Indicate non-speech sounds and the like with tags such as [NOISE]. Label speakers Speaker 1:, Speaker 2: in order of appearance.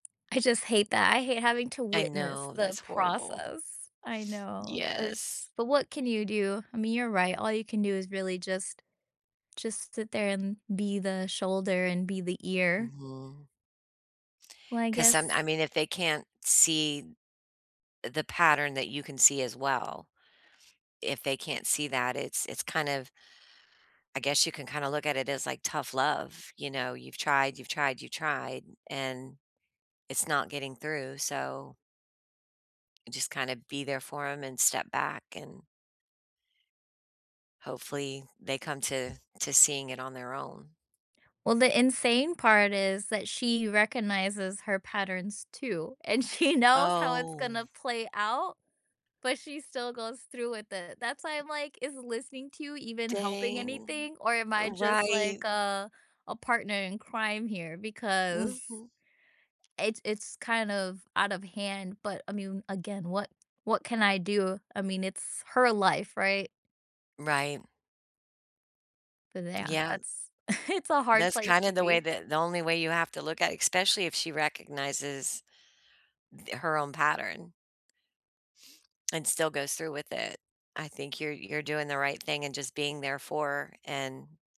Speaker 1: I just hate that, I hate having to
Speaker 2: I
Speaker 1: witness
Speaker 2: know,
Speaker 1: the
Speaker 2: that's horrible.
Speaker 1: process. I know,
Speaker 2: Yes.
Speaker 1: there's but what can you do? I mean, you're right, all you can do is really just just sit there and be the shoulder and be the ear.
Speaker 2: Mhm.
Speaker 1: Well, I
Speaker 2: 'Cause some I
Speaker 1: guess
Speaker 2: mean, if they can't see the pattern that you can see as well, if they can't see that, it's it's kind of I guess you can kinda look at it as, like, tough love, you know, you've tried, you've tried, you've tried, and it's not getting through, so just kinda be there for 'em and step back and hopefully, they come to to seeing it on their own.
Speaker 1: Well, the insane part is that she recognizes her patterns too, and she knows how it's
Speaker 2: Oh.
Speaker 1: gonna play out, but she still goes through with it. That's why I'm like, "Is listening to you even helping
Speaker 2: Dang.
Speaker 1: anything, or am
Speaker 2: Eh,
Speaker 1: I just
Speaker 2: right.
Speaker 1: like, uh, a partner in crime here?" because
Speaker 2: Mhm.
Speaker 1: it's it's kind of out of hand, but I mean, again, what what can I do? I mean, it's her life, right?
Speaker 2: Right.
Speaker 1: But yeah,
Speaker 2: Yeah.
Speaker 1: that's [CHUCKLES] it's a hard
Speaker 2: That's
Speaker 1: place
Speaker 2: kinda
Speaker 1: to
Speaker 2: the way
Speaker 1: be.
Speaker 2: that the only way you have to look at especially if she recognizes the her own pattern and still goes through with it. I think you're you're doing the right thing and just being there for and